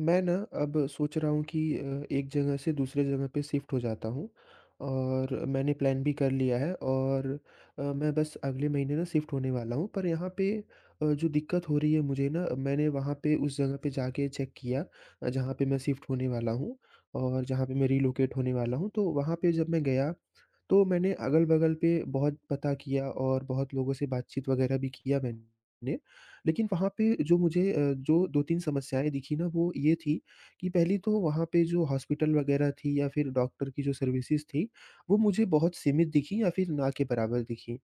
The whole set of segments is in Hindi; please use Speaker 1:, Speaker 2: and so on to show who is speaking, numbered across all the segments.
Speaker 1: मैं ना, अब सोच रहा हूँ कि अ, एक जगह से दूसरे जगह पे शिफ्ट हो जाता हूँ, और मैंने प्लान भी कर लिया है और अ, मैं बस अगले महीने ना शिफ्ट होने वाला हूँ। पर यहाँ पे अ, जो दिक्कत हो रही है मुझे ना मैंने वहाँ पे उस जगह पे जाके चेक किया अ, जहाँ पे मैं शिफ्ट होने वाला हूँ, और जहाँ पे मैं रिलोकेट होने वाला हूँ। तो वहाँ पे जब मैं गया तो मैंने अगल-बगल पे बहुत पता किया और बहुत लोगों से बातचीत वग़ैरह भी किया मैंने लेकिन वहाँ पे जो मुझे अ, जो 2-3 समस्याएँ दिखी ना वो ये थी कि पहली तो वहाँ पे जो हॉस्पिटल वग़ैरह थी या फिर डॉक्टर की जो सर्विसेस थी वो मुझे बहुत सीमित दिखी या फिर ना के बराबर दिखी।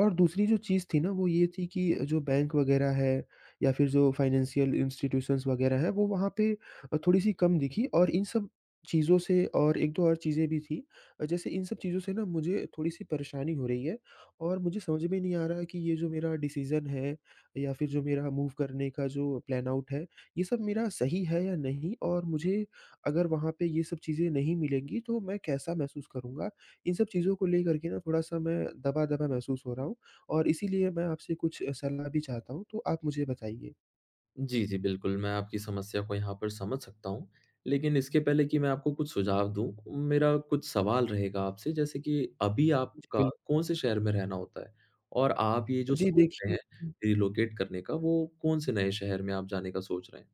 Speaker 1: और दूसरी जो चीज़ थी ना वो ये थी कि जो बैंक वग़ैरह है या फिर जो फाइनेंशियल इंस्टीट्यूशंस वग़ैरह है वो वहाँ पे अ, थोड़ी सी कम दिखी और इन सब चीज़ों से और 1-2 और चीजें भी थी। जैसे इन सब चीज़ों से ना मुझे थोड़ी-सी परेशानी हो रही है। और मुझे समझ में नहीं आ रहा है कि ये जो मेरा डिसीज़न है या फ़िर जो मेरा मूव करने का जो प्लान आउट है, ये सब मेरा सही है या नहीं? और मुझे अगर वहाँ पे ये सब चीज़ें नहीं मिलेंगी तो मैं कैसा महसूस करूँगा? इन सब चीज़ों को लेकर के ना थोड़ा-सा मैं दबा-दबा महसूस हो रहा हूँ और इसीलिए मैं आपसे कुछ सलाह भी चाहता हूँ, तो आप मुझे बताइए?
Speaker 2: जी, जी बिल्कुल मैं आपकी समस्या को यहाँ पर समझ सकता हूँ। लेकिन इसके पहले कि मैं आपको कुछ सुझाव दूँ, मेरा कुछ सवाल रहेगा आपसे, जैसे कि अभी
Speaker 1: जी
Speaker 2: आपका
Speaker 1: बिल
Speaker 2: कौन-से शहर में रहना होता है? और आप ये जो
Speaker 1: जी
Speaker 2: सोच रहे
Speaker 1: देखिए
Speaker 2: हैं रिलोकेट करने का वो कौन-से नए शहर में आप जाने का सोच रहे हैं?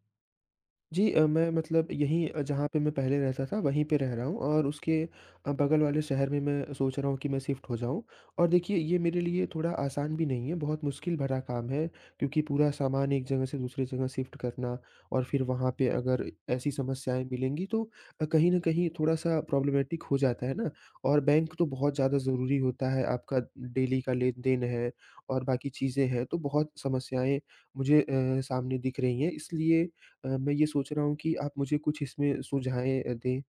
Speaker 1: जी अ, मैं मतलब यहीं अ, जहाँ पे मैं पहले रहता था वहीं पे रह रहा हूँ और उसके अ, बगल वाले शहर में मैं सोच रहा हूँ कि मैं शिफ्ट हो जाऊँ। और देखिए ये मेरे लिए थोड़ा आसान भी नहीं है, बहुत मुश्किल भरा काम है, क्योंकि पूरा सामान 1 जगह से दूसरी जगह शिफ्ट करना और फ़िर वहाँ पे, अगर ऐसी समस्याएँ मिलेंगी तो अ, कहीं न कहीं थोड़ा-सा प्रॉब्लेमेटिक हो जाता है ना। और बैंक तो बहुत ज़्यादा ज़रूरी होता है आपका डेली का लेन-देन है और बाकी चीज़ें हैं। तो बहुत समस्याएँ मुझे अ, सामने दिख रही हैं। इसलिए अ, मैं ये सोच रहा हूँ कि आप मुझे कुछ इसमें सुझाएँ अ, दें।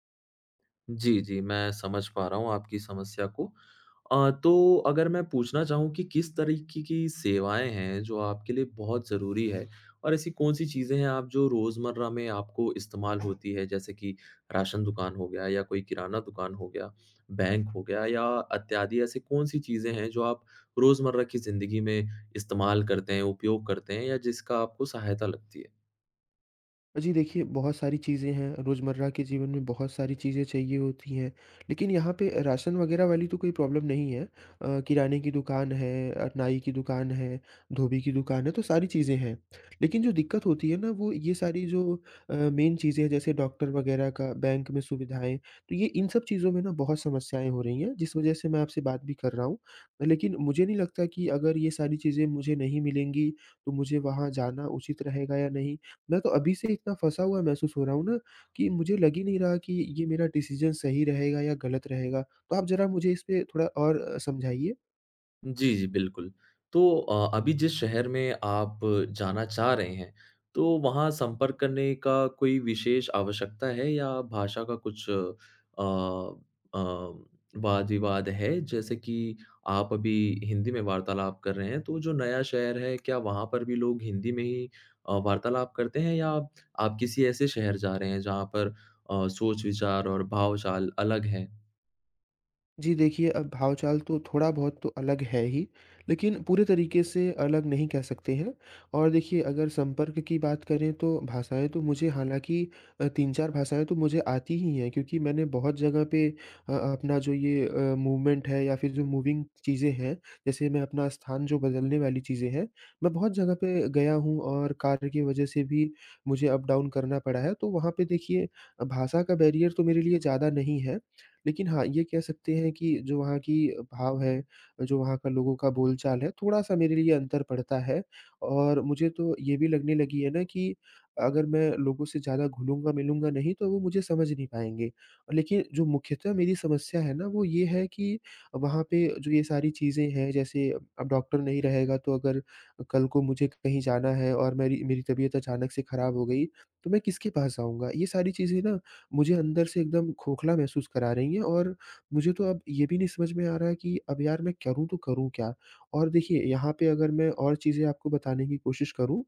Speaker 2: जी, जी मैं समझ पा रहा हूँ आपकी समस्या को। अ, तो अगर मैं पूछना चाहूँ कि किस तरीके की सेवाएँ हैं, जो आपके लिए बहुत ज़रूरी है? और ऐसी कौन-सी चीज़ें हैं आप जो रोज़मर्रा में आपको इस्तेमाल होती है? जैसे कि राशन दुकान हो गया या कोई किराना दुकान हो गया, बैंक हो गया या इत्यादि ऐसी कौन-सी चीज़ें हैं जो आप, रोज़मर्रा की ज़िंदगी में इस्तेमाल करते हैं, उपयोग करते हैं या जिसका आपको सहायता लगती है?
Speaker 1: जी देखिए, बहुत सारी चीज़ें हैं, रोज़मर्रा के जीवन में बहुत सारी चीज़ें चाहिए होती हैं। लेकिन यहाँ पे अ, राशन वगैरह वाली तो कोई प्रॉब्लम नहीं है। अ, किराने की दुकान है अ, नाई की दुकान है, धोबी की दुकान है, तो सारी चीज़ें हैं। लेकिन जो दिक्कत होती है ना, वो ये सारी जो अ, मेन चीज़ें हैं, जैसे डॉक्टर वगैरह का, बैंक में सुविधाएँ। तो ये इन सब चीज़ों में ना बहुत समस्याएँ हो रही हैं, जिस वजह से मैं आपसे बात भी कर रहा हूँ। लेकिन मुझे नहीं लगता कि अगर ये सारी चीज़ें मुझे नहीं मिलेंगी, तो मुझे वहाँ जाना उचित रहेगा या नहीं? मैं तो अभी से इतना फँसा हुआ महसूस हो रहा हूँ ना, कि मुझे लग ही नहीं रहा कि ये मेरा डिसीज़न सही रहेगा या गलत रहेगा। तो आप ज़रा मुझे इस पे थोड़ा और अ, समझाइए।
Speaker 2: जी, जी, बिल्कुल। तो अ, अभी जिस शहर में आप जाना चाह रहे हैं, तो वहाँ संपर्क करने का कोई विशेष आवश्यकता है या भाषा का कुछ अ अ, वाद-विवाद है? जैसे कि आप अभी हिंदी में वार्तालाप कर रहे हैं, तो जो नया शहर है, क्या वहाँ पर भी लोग हिंदी में ही अ, वार्तालाप करते हैं या आप किसी ऐसे शहर जा रहे हैं, जहाँ पर अ, सोच-विचार और भाव-चाल अलग हैं?
Speaker 1: जी, देखिए, अब भाव-चाल तो थोड़ा बहुत तो अलग है ही, लेकिन पूरे तरीक़े से अलग नहीं कह सकते हैं और देखिए, अगर संपर्क की बात करें, तो भाषाएँ तो मुझे हालाँकि अ, 3-4 भाषाएँ तो मुझे आती ही हैं, क्योंकि मैंने बहुत जगह पे अ, अपना जो ये अ, मूवमेंट है या फिर जो मूविंग चीज़ें हैं, जैसे मैं अपना स्थान जो बदलने वाली चीज़ें हैं, मैं बहुत जगह पे गया हूँ और कार्य की वजह से भी मुझे अप-डाउन करना पड़ा है। तो वहाँ पे, देखिए अ, भाषा का बैरियर तो मेरे लिए ज़्यादा नहीं है, लेकिन हाँ, ये कह सकते हैं कि जो वहाँ की भाव है, जो वहाँ का लोगों का बोल-चाल है, थोड़ा-सा मेरे लिए अंतर पडता है और मुझे तो ये भी लगने लगी है ना कि, अगर मैं लोगों से ज़्यादा घुलूँगा-मिलूँगा नहीं, तो वो मुझे समझ नहीं पाएँगे। लेकिन जो मुख्यतः मेरी समस्या है ना, वो ये है कि वहाँ पे जो ये सारी चीज़ें हैं, जैसे अब डॉक्टर नहीं रहेगा, तो अगर कल को मुझे कहीं जाना है और मेरी मेरी तबीयत अचानक से खराब हो गई, तो मैं किसके पास जाऊँगा? ये सारी चीज़ें ना मुझे अंदर से एकदम खोखला महसूस करा रही हैं और मुझे तो अब ये भी नहीं समझ में आ रहा है कि अब यार, मैं करूँ तो करूँ क्या? और देखिए, यहाँ पे अगर मैं और चीज़ें आपको बताने की कोशिश करूँ,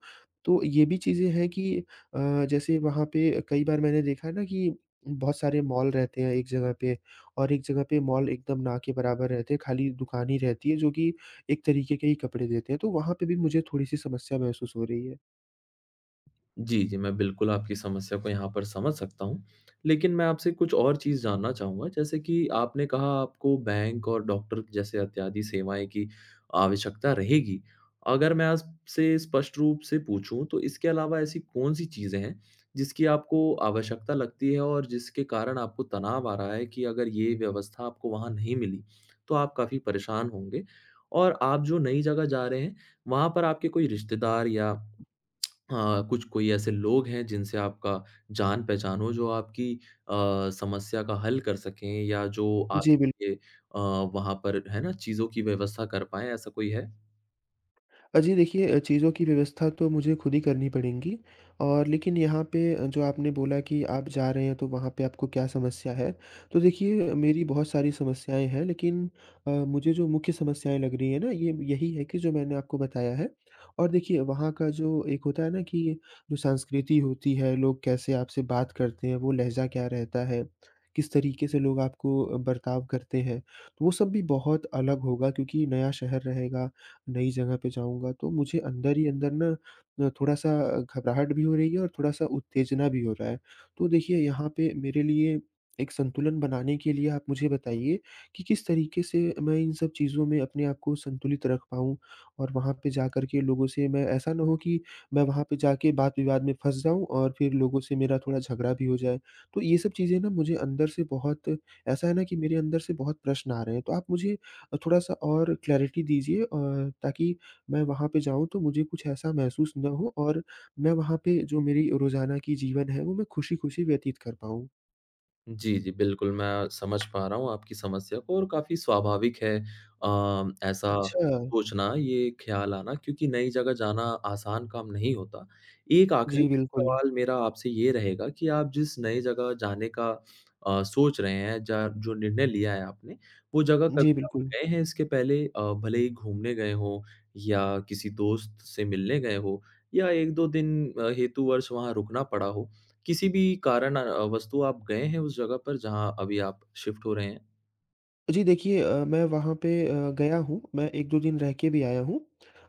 Speaker 1: तो ये भी चीज़ें हैं कि अ, जैसे वहाँ पे कई बार मैंने देखा है ना कि बहुत सारे मॉल रहते हैं, एक जगह पे और एक जगह पे मॉल एकदम ना के बराबर रहते हैं, खाली दुकान ही रहती है, जो कि एक तरीक़े के ही कपड़े देते हैं। तो वहाँ पे भी मुझे थोड़ी-सी समस्या महसूस हो रही है।
Speaker 2: जी, जी। मैं बिल्कुल आपकी समस्या को यहाँ पर समझ सकता हूँ। लेकिन मैं आपसे कुछ और चीज़ जानना चाहूँगा, जैसे कि आपने कहा आपको बैंक और डॉक्टर जैसे इत्यादि सेवाएँ की, आवश्यकता रहेगी। अगर मैं आपसे स्पष्ट रूप से पूछूँ, तो इसके अलावा ऐसी कौन-सी चीजें हैं, जिसकी आपको आवश्यकता लगती है? और जिसके कारण आपको तनाव आ रहा है कि अगर ये व्यवस्था आपको वहाँ नहीं मिली, तो आप काफ़ी परेशान होंगे? और आप जो नई जगह जा रहे हैं, वहाँ पर आपके कोई रिश्तेदार या अ, कुछ कोई ऐसे लोग हैं जिनसे आपका जान-पहचान हो, जो आपकी अ, समस्या का हल कर सकें या जो
Speaker 1: जी बिल
Speaker 2: आपके अ, वहाँ पर है ना चीज़ों की व्यवस्था कर पाएँ, ऐसा कोई है?
Speaker 1: अ, जी देखिए चीज़ों की व्यवस्था तो मुझे खुद ही करनी पड़ेंगी और लेकिन यहाँ पे अ, जो आपने बोला कि आप जा रहे हैं, तो वहाँ पे आपको क्या समस्या है? तो देखिए मेरी बहुत सारी समस्याएँ हैं लेकिन अ, मुझे जो मुख्य समस्याएँ लग रही हैं ना, ये यही है कि जो मैंने आपको बताया है। और देखिए वहाँ का जो एक होता है ना कि, जो संस्कृति होती है, लोग कैसे आपसे बात करते हैं? वो लहज़ा क्या रहता है? किस तरीके से लोग आपको अ, बर्ताव करते हैं? वो सब भी बहुत अलग होगा क्योंकि नया शहर रहेगा। नई जगह पे जाऊँगा, तो मुझे अंदर ही अंदर ना, न थोड़ा-सा घबराहट भी हो रही है। और थोड़ा-सा उत्तेजना भी हो रहा है। तो देखिए यहाँ पे मेरे लिए एक संतुलन बनाने के लिए आप मुझे बताइए कि किस तरीके से मैं इन सब चीज़ों में अपने आप को संतुलित रख पाऊँ? और वहाँ पे जाकर के लोगों से मैं ऐसा ना हो कि, मैं वहाँ पे जा के बात-विवाद में फँस जाऊँ और फिर लोगों से मेरा थोड़ा झगड़ा भी हो जाए। तो ये सब चीज़ें ना मुझे अंदर से बहुत, ऐसा है ना कि मेरे अंदर से बहुत प्रश्न आ रहे हैं। तो आप मुझे थोड़ा-सा और क्लैरिटी दीजिए अ, ताकि मैं वहाँ पे जाऊँ, तो मुझे कुछ ऐसा महसूस ना हो और मैं वहाँ पे जो मेरी रोज़ाना की जीवन है, वो मैं खुशी-खुशी व्यतीत कर पाऊँ?
Speaker 2: जी, जी बिल्कुल मैं समझ पा रहा हूँ आपकी समस्या को और काफ़ी स्वाभाविक है अ, ऐसा
Speaker 1: अच्छा।
Speaker 2: सोचना, ये ख़याल आना क्योंकि नई जगह जाना आसान काम नहीं होता। 1 आख़िरी
Speaker 1: जी, बिल्कुल।
Speaker 2: सवाल मेरा आपसे ये रहेगा कि आप जिस नई जगह जाने का अ, सोच रहे हैं। ज जो निर्णय लिया है आपने, वो जगह
Speaker 1: जी,
Speaker 2: कभी आप
Speaker 1: बिल्कुल।
Speaker 2: गए हैं इसके पहले? अ, भले ही घूमने गए हो, या किसी दोस्त से मिलने गए हो या 1-2 दिन अ, हेतु वर्ष वहाँ रुकना पड़ा हो? किसी भी कारण अ, वस्तु आप गए हैं उस जगह पर जहाँ अभी आप शिफ्ट हो रहे हैं?
Speaker 1: जी देखिए, अ, मैं वहाँ पे अ, गया हूँ मैं 1-2 दिन रह के भी आया हूँ।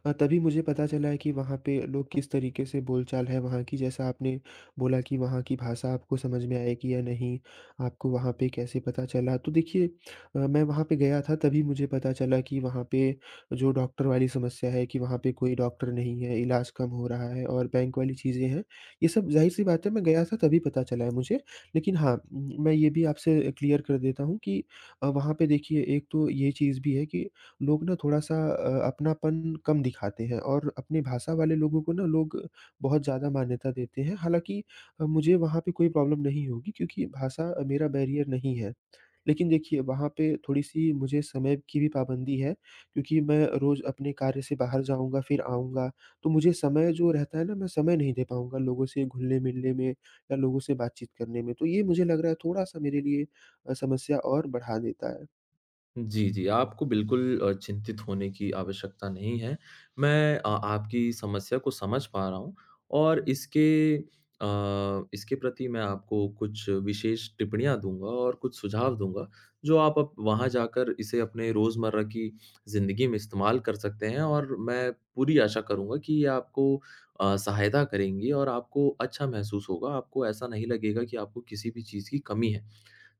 Speaker 1: अ, तभी मुझे पता चला है कि वहाँ पे लोग किस तरीके से बोल-चाल है वहाँ की जैसा आपने बोला कि वहाँ की भाषा आपको समझ में आएगी या नहीं आपको वहाँ पे कैसे पता चला। तो देखिए अ, मैं वहाँ पे गया था तभी मुझे पता चला कि वहाँ पे जो डॉक्टर वाली समस्या है कि वहाँ पे कोई डॉक्टर नहीं है, इलाज़ कम हो रहा है और बैंक वाली चीज़े हैं। ये सब ज़ाहिर-सी बात है मैं गया था तभी पता चला है मुझे। लेकिन हाँ म मैं ये भी आपसे क्लियर कर देता हूँ कि अ, वहाँ पे देखिए 1 तो ये चीज़ भी है कि लोग ना थोड़ा-सा अ, अपनापन कम दिखाते हैं। और अपनी भाषा वाले लोगों को ना लोग बहुत ज़्यादा मान्यता देते हैं। हालाँकि अ, मुझे वहाँ पे कोई प्रॉब्लम नहीं होगी क्योंकि भाषा अ, मेरा बैरियर नहीं है। लेकिन देखिए वहाँ पे थोड़ी-सी मुझे समय की भी पाबंदी है। क्योंकि मैं रोज़ अपने कार्य से बाहर जाऊँगा फ़िर आऊँगा तो मुझे समय जो रहता है ना मैं समय नहीं दे पाऊँगा लोगों से घुलने-मिलने में या लोगों से बातचीत करने में। तो ये मुझे लग रहा है थोड़ा-सा मेरे लिए अ, समस्या और बढ़ा देता है।
Speaker 2: जी, जी आपको बिल्कुल अ, चिंतित होने की आवश्यकता नहीं है। मैं अ आपकी समस्या को समझ पा रहा हूँ और इसके अ, इसके प्रति मैं आपको कुछ विशेष टिप्पणियाँ दूँगा और कुछ सुझाव दूँगा, जो आप वहाँ जाकर इसे अपने रोज़मर्रा की ज़िंदगी में इस्तेमाल कर सकते हैं। और मैं पूरी आशा करूँगा कि ये आपको अ, सहायता करेंगी और आपको अच्छा महसूस होगा। आपको ऐसा नहीं लगेगा कि आपको किसी भी चीज़ की कमी है।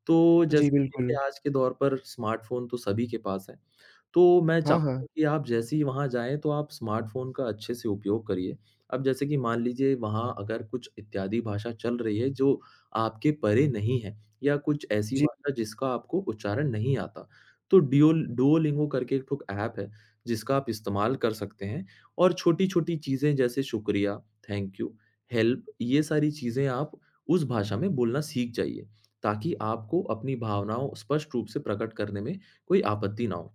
Speaker 2: तो
Speaker 1: जी,
Speaker 2: जैसे देखिए
Speaker 1: बिल्कुल।
Speaker 2: आज के दौर पर स्मार्टफ़ोन तो सभी के पास है, तो मैं
Speaker 1: हाँ,
Speaker 2: चाहूँगा
Speaker 1: हाँ।
Speaker 2: कि आप जैसे ही वहाँ जाएँ तो आप स्मार्टफ़ोन का अच्छे से उपयोग करिए। अब जैसे कि मान लीजिए वहाँ अगर कुछ इत्यादि भाषा चल रही है, जो आपके परे नहीं है, या कुछ ऐसी
Speaker 1: जी।
Speaker 2: भाषा जिसका आपको उच्चारण नहीं आता, तो डिओ डुओलिंगो करके 1 ख़ुद ऐप है, जिसका आप इस्तेमाल कर सकते हैं और छोटी-छोटी चीज़ें जैसे शुक्रिया, थैंक यू हेल्प ये सारी चीज़ें आप उस भाषा में बोलना सीख जाइए, ताकि आपको अपनी भावनाओं स्पष्ट रूप से प्रकट करने में कोई आपत्ति न हो।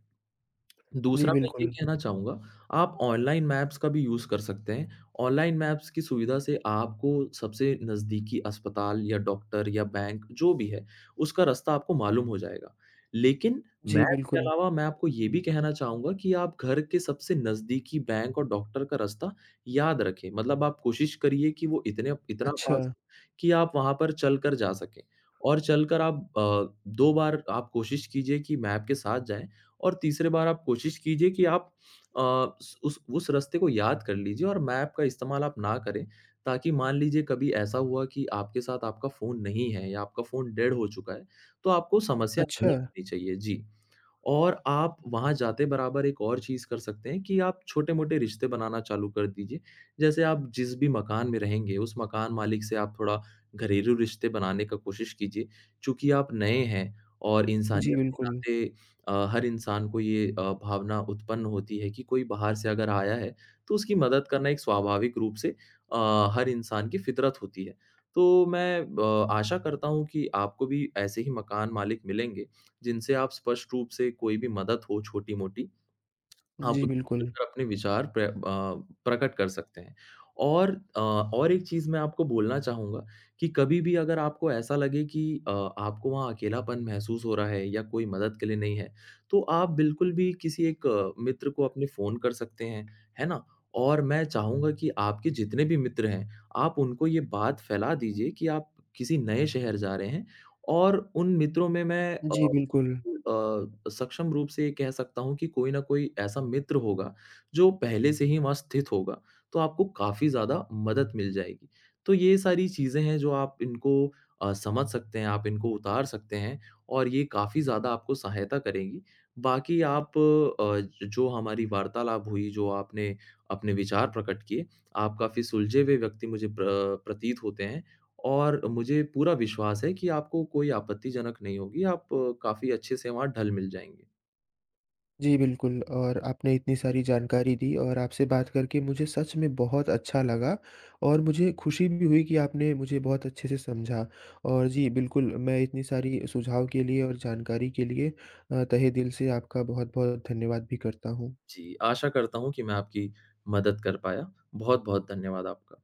Speaker 1: जी,
Speaker 2: दूसरा मैं ये
Speaker 1: बिल्कुल।
Speaker 2: कहना चाहूँगा, आप ऑनलाइन मैप्स का भी यूज़ कर सकते हैं, ऑनलाइन मैप्स की सुविधा से आपको सबसे नज़दीकी अस्पताल या डॉक्टर या बैंक जो भी है उसका रास्ता आपको मालूम हो जाएगा। लेकिन
Speaker 1: जी,
Speaker 2: मैप के
Speaker 1: बिल्कुल।
Speaker 2: अलावा मैं आपको ये भी कहना चाहूँगा कि आप घर के सबसे नज़दीकी बैंक और डॉक्टर का रास्ता याद रखें, मतलब आप कोशिश करिए कि वो इतने इतना पास
Speaker 1: अच्छा।
Speaker 2: हो कि आप वहाँ पर चलकर जा सकें। और चलकर आप अ, 2 बार आप कोशिश कीजिए कि मैप के साथ जाएँ, और तीसरी बार आप कोशिश कीजिए कि आप अ, उस उस उस रास्ते को याद कर लीजिए और मैप का इस्तेमाल आप ना करें, ताकि मान लीजिए कभी ऐसा हुआ कि आपके साथ आपका फ़ोन नहीं है या आपका फ़ोन डेड हो चुका है, तो आपको समस्या नहीं
Speaker 1: अच्छा।
Speaker 2: होनी चाहिए, जी। और आप वहाँ जाते बराबर 1 और चीज़ कर सकते हैं कि आप छोटे-मोटे रिश्ते बनाना चालू कर दीजिए। जैसे आप जिस भी मकान में रहेंगे, उस मकान मालिक से आप थोड़ा घरेलू रिश्ते बनाने का कोशिश कीजिए, चूँकि आप नए हैं और
Speaker 1: जी,
Speaker 2: इंसानियत के
Speaker 1: बिल्कुल।
Speaker 2: नाते अ, हर इंसान को ये अ, भावना उत्पन्न होती है कि कोई बाहर से अगर आया है, तो उसकी मदद करना एक स्वाभाविक रूप से हर अ, इंसान की फ़ितरत होती है। तो मैं अ आशा करता हूँ कि आपको भी ऐसे ही मकान मालिक मिलेंगे, जिनसे आप स्पष्ट रूप से कोई भी मदद हो छोटी-मोटी, आप
Speaker 1: जी,
Speaker 2: उनसे
Speaker 1: बिल्कुल।
Speaker 2: मिलकर अपने विचार प्र अ, प्रकट कर सकते हैं। और अ, और 1 चीज़ मैं आपको बोलना चाहूँगा कि कभी-भी अगर आपको ऐसा लगे कि अ आपको वहाँ अकेलापन महसूस हो रहा है या कोई मदद के लिए नहीं है, तो आप बिल्कुल भी किसी 1 मित्र को अपने फ़ोन कर सकते हैं, है ना? और मैं चाहूँगा कि आपके जितने भी मित्र हैं, आप उनको ये बात फ़ैला दीजिए कि आप किसी नए शहर जा रहे हैं, और उन मित्रों में मैं अ
Speaker 1: जी, बिल्कुल।
Speaker 2: अ, सक्षम रूप से ये कह सकता हूँ कि कोई ना कोई ऐसा मित्र होगा, जो पहले से ही वहाँ स्थित होगा, तो आपको काफ़ी ज़्यादा मदद मिल जाएगी। तो ये सारी चीज़ें हैं जो आप इनको अ, समझ सकते हैं, आप इनको उतार सकते हैं, और ये काफ़ी ज़्यादा आपको सहायता करेगी। बाकी आप अ, जो हमारी वार्तालाप हुई, जो आपने अपने विचार प्रकट किए, आप काफ़ी सुलझे हुए व्यक्ति मुझे प्र प्रतीत होते हैं, और मुझे पूरा विश्वास है कि आपको कोई आपत्तिजनक नहीं होगी। आप काफ़ी अच्छे से वहाँ ढल-मिल जाएँगे।
Speaker 1: जी बिल्कुल और आपने इतनी सारी जानकारी दी और आपसे बात करके मुझे सच में बहुत अच्छा लगा। और मुझे खुशी भी हुई कि आपने मुझे बहुत अच्छे से समझा और जी बिल्कुल मैं इतनी सारी सुझाव के लिए और जानकारी के लिए अ, तहे दिल से आपका बहुत-बहुत धन्यवाद भी करता हूँ।
Speaker 2: जी, आशा करता हूँ कि मैं आपकी मदद कर पाया। बहुत-बहुत धन्यवाद आपका।